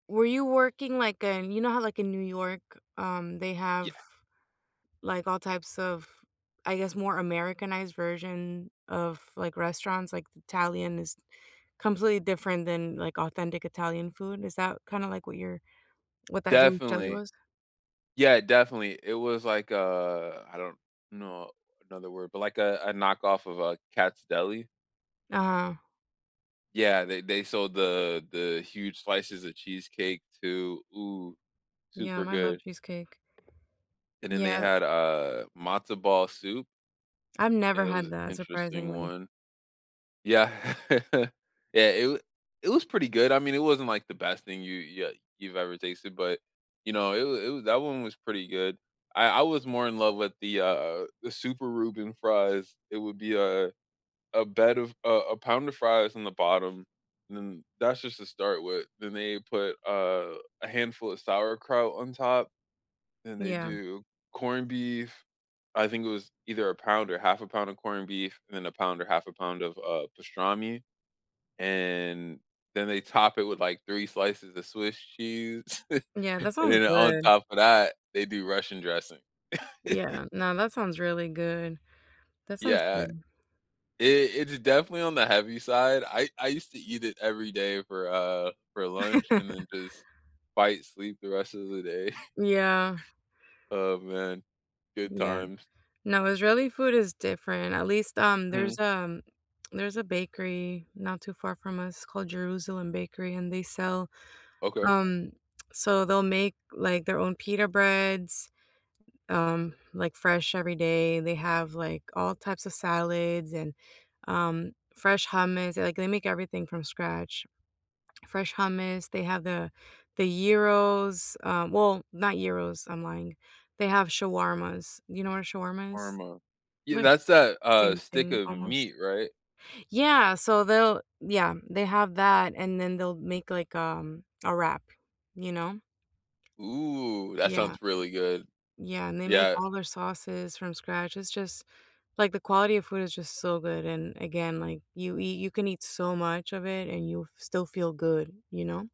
Were you working, like, in you know how, like, in New York, um, they Yeah. have, like, all types of I guess, more Americanized version of, like, restaurants? Like, the Italian is completely different than, like, authentic Italian food, is that, kinda, like, what your what that June's Deli Definitely was? yeah, definitely, it was, like, a I don't know another word, but like a a knockoff of a Katz deli? Uh-huh. Yeah, they they sold the the huge slices of cheesecake, too ooh, super Yum, I love good. cheesecake. And then they Yeah. had, uh, matzo ball soup. I've It never had was that, interesting surprisingly. one. Yeah. Yeah, it wa it was pretty good, I mean, it wasn't, like, the best thing you you li you've ever tasted, but, you know, it was it was that one was pretty good. I I was more in love with the, uh uh the super Reuben fries, it would be, uh, a bed of a a pound of fries on the bottom, and then that's just to start with, then they put, uh, a handful of sauerkraut on top. And they Yeah. do corned beef I think it was either a pound or 1/2 a pound of corned beef and then a pound or 1/2 a pound of, uh, pastrami. And then, they top it with, like, 3 slices of Swiss cheese, Yeah, that and sounds then, on good. top of that, they do Russian dressing. Yeah, no, that sounds really good. That Yeah, sounds uh good. it it's definitely on the heavy side, I I used to eat it every day for, uh for lunch and then just fight sleep the rest of the day. Yeah. Oh, man. Good Yeah. times. No, Israeli food is different, at least, um Hmm. there's, um there's a bakery not too far from us called Jerusalem Bakery and they sell, Okay. um so they'll make, like, their own pita breads, um, Mhm. like, fresh every day, they have, like, all types of salads and, um, fresh hummus like, they make everything from scratch. Fresh hummus, they have the the gyros, um well, not gyros- I'm lying- they have shawarmas, you know what a shawarma is? Shwarma? Yeah, Like, that's that, uh, same stick thing of almost meat, right? Yeah, so they'll yeah, they have that and then they'll make like, um, a wrap, you know? Ooh, that Yeah. sounds really good. Yeah, and they make Yeah. all their sauces from scratch, it's just like, the quality of food is just so good, and again, like, you eat you can eat so much of it and you'll f still feel good, you know?